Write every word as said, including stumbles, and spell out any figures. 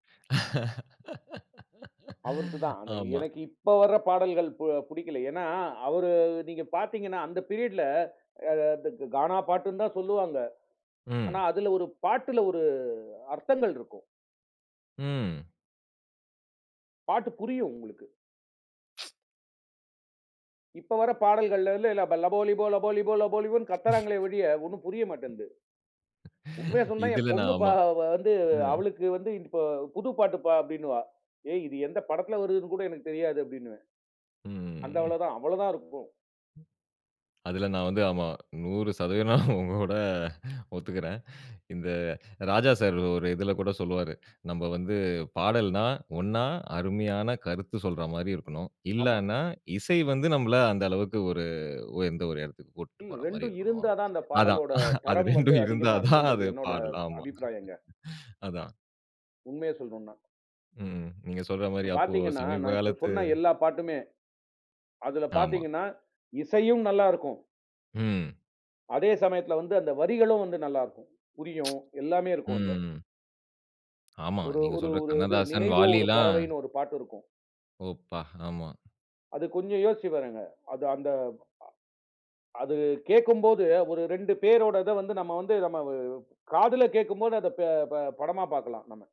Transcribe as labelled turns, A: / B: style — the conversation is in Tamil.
A: அவர்துதான்.
B: ஆமா.
A: எனக்கு இப்ப வர பாடல்கள் பு புடிக்கல. ஏன்னா அவரு நீங்க பாத்தீங்கன்னா, அந்த பீரியட்ல [unintelligible] கானா பாட்டுன்னு தான் சொல்லுவாங்க. ஆனா
B: ம்.
A: அதுல ஒரு பாட்டுல ஒரு அர்த்தங்கள் இருக்கும்.
B: ம்.
A: பாட்டு புரியும் உங்களுக்கு. இப்ப வர பாடல்கள்ல இல்ல லபோ லிபோ லபோ லிபோ லபோ லிபோன்னு கத்துறாங்களே ஒழிய ஒண்ணும் புரிய மாட்டேன்து. உண்மைய சொல்ணும்னா என்
B: இதில
A: பொண்ணு
B: நான்
A: ப
B: ஆமா.
A: வந்து
B: அ.
A: அவளுக்கு வந்து இப்ப புது பாட்டுப்பா அப்படின்னுவா. ஏய் இது எந்த படத்துல வருதுன்னு கூட எனக்கு தெரியாது, அப்படின்னுவேன். அந்த
B: ம்.
A: அவ்வளவுதான் அவ்வளவுதான் இருக்கும்.
B: அதில நான் வந்து ஆமா, நூறு சதவித நா உங்களோட ஒத்துக்கிறேன். இந்த ராஜா சார் ஒரு இதில கூட சொல்லுவாரு. நம்ம வந்து பாடல்ன்னா ஒண்ணா அருமையான கருத்து சொல்றா மாரி இருக்கணும்.
A: ஆமா.
B: இல்லான்னா இசை வந்து நம்மள அந்த அளவுக்கு ஒரு உயர்ந்த ஒரு இடத்துக்கு கூட்டிட்டு
A: ம்,
B: போற மாரி
A: ரெண்டும்
B: இருக்கணும்.
A: இருந்தா தான் அந்த
B: அதான்
A: பாடலோட
B: அது
A: தரம் வந்து
B: ரெண்டும் இருந்தா
A: அதிகமா
B: தான்
A: இருக்கும்ன்றது
B: அது
A: என்னோட
B: பாடல். ஆமா.
A: அபிப்பிராயங்க.
B: அதான்.
A: உண்மைய சொல்லணுன்னா.
B: ம், நீங்க சொல்ற மாரி
A: இப்ப
B: அப்போ
A: பாத்தீங்கன்னா,
B: சமீப
A: நான் இப்ப
B: காலத்து
A: சொன்ன எல்லா பாட்டுமே, அதுல
B: ஆமா.
A: பாத்தீங்கன்னா இசையும் நல்லா இருக்கும்.
B: ம்.
A: அதே சமயத்தில் வந்து அந்த வரிகளும் வந்து நல்லா இருக்கும். புரியும், எல்லாமே இருக்கும் அதுல.
B: ம். ஆமா,
A: ஒரு
B: நீங்க
A: ஒரு
B: சொல்ற
A: ஒரு இது
B: கண்ணதாசன்,
A: நினைவோ ஒரு
B: வாலிலாம்.
A: பறவைன்னு ஒரு பாட்டு இருக்கும்.
B: ஓ! ப்பா, ஆமா.
A: அது கொஞ்சம் யோசிச்சு பாருங்க. அது அந்த அது கேட்கும்போது ஒரு ரெண்டு பேரோட இத வந்து நம்ம வந்து நம்ம வ காதுல கேட்கும்போது அதை பே ப படமா பாக்கலாம் நம்ம.